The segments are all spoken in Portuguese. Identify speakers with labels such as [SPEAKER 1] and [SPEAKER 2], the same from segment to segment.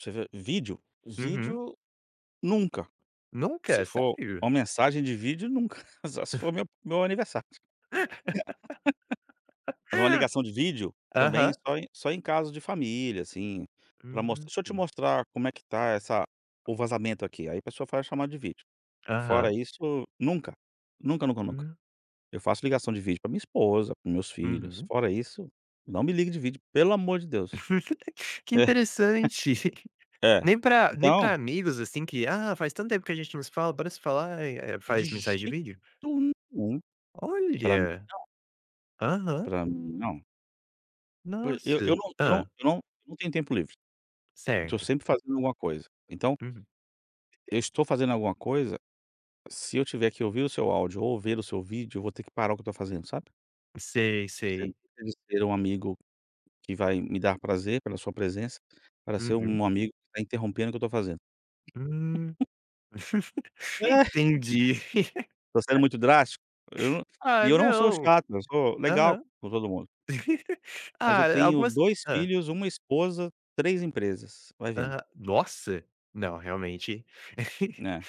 [SPEAKER 1] Você vê vídeo,
[SPEAKER 2] Uhum.
[SPEAKER 1] vídeo nunca, se
[SPEAKER 2] Nunca?
[SPEAKER 1] for
[SPEAKER 2] Sério?
[SPEAKER 1] uma mensagem de vídeo, nunca, só se for meu meu aniversário fazer uma ligação de vídeo, também,
[SPEAKER 2] Aham.
[SPEAKER 1] só em só em caso de família, assim, para mos "Deixa eu te
[SPEAKER 2] Uhum.
[SPEAKER 1] mostrar como é que está essa o vazamento aqui". Aí a pessoa faz a chamada de vídeo. Fora
[SPEAKER 2] Aham.
[SPEAKER 1] isso, nunca, nunca, nunca, nunca.
[SPEAKER 2] Hum.
[SPEAKER 1] Eu faço ligação de vídeo para minha esposa, para os meus filhos,
[SPEAKER 2] Uhum.
[SPEAKER 1] fora isso, não me ligue de vídeo, pelo amor de Deus.
[SPEAKER 2] Que interessante,
[SPEAKER 1] Hã,
[SPEAKER 2] nem pra nem
[SPEAKER 1] Então
[SPEAKER 2] pra amigos, assim, que: "Ah, faz tanto tempo que a gente não se fala, bora se falar". Eh, é
[SPEAKER 1] De
[SPEAKER 2] faz mensagem de
[SPEAKER 1] jeito
[SPEAKER 2] vídeo?
[SPEAKER 1] nenhum, para mim
[SPEAKER 2] Olha!
[SPEAKER 1] não
[SPEAKER 2] Aham.
[SPEAKER 1] para mim não. Poi eu eu
[SPEAKER 2] Nossa!
[SPEAKER 1] não eu não
[SPEAKER 2] Hã.
[SPEAKER 1] eu não eu não tenho tempo livre, eu estou
[SPEAKER 2] Certo.
[SPEAKER 1] sempre fazendo alguma coisa. Então,
[SPEAKER 2] Uhum.
[SPEAKER 1] eu estou fazendo alguma coisa, se eu tiver que ouvir o seu áudio ou ver o seu vídeo, eu vou ter que parar o que eu estou fazendo, sabe.
[SPEAKER 2] Sei,
[SPEAKER 1] [unintelligible]
[SPEAKER 2] sei.
[SPEAKER 1] Pode ser um amigo que vai me dar prazer pela sua presença, para ser
[SPEAKER 2] Uhum.
[SPEAKER 1] um amigo que está interrompendo o que eu estou fazendo.
[SPEAKER 2] Hum. Entendi.
[SPEAKER 1] Tô sendo muito drástico, eu não e
[SPEAKER 2] Ah,
[SPEAKER 1] eu não sou
[SPEAKER 2] não,
[SPEAKER 1] chato, eu sou legal
[SPEAKER 2] aham.
[SPEAKER 1] com todo mundo. Mas eu
[SPEAKER 2] Ah,
[SPEAKER 1] tenho
[SPEAKER 2] algumas
[SPEAKER 1] 2
[SPEAKER 2] Hã.
[SPEAKER 1] filhos, 1 esposa, 3 empresas, vai vendo.
[SPEAKER 2] Ah, nossa! Não, realmente
[SPEAKER 1] Né.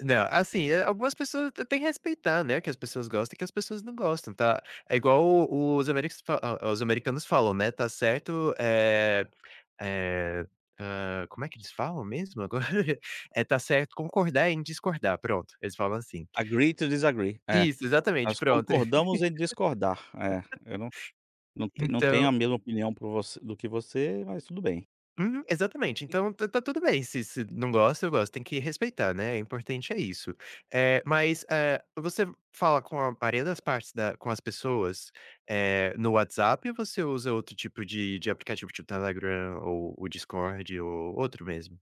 [SPEAKER 2] não, assim, algumas pessoas têm que respeitar, né, que as pessoas gostam e que as pessoas não gostam, tá. É igual o os ameris fa os americanos falam, né, está certo, eh eh ah, como é que eles falam mesmo? Agora eh: "Tá certo concordar em discordar". Pronto, eles falam assim.
[SPEAKER 1] Agree to desagree. É,
[SPEAKER 2] Isso, exatamente,
[SPEAKER 1] nós
[SPEAKER 2] pronto.
[SPEAKER 1] concordamos em discordar, é, eu não não não tenho
[SPEAKER 2] Então
[SPEAKER 1] a mesma opinião por você do que você, mas tudo bem.
[SPEAKER 2] Hum, exatamente,
[SPEAKER 1] E
[SPEAKER 2] então tá tá tudo bem, se se não gosta, eu gosto, tem que respeitar, né, o importante é isso. Eh, mas, eh, você fala com a maioria das partes da com as pessoas, eh, no WhatsApp ou você usa outro tipo de de aplicativo, tipo, Telegram ou o Discord ou outro mesmo?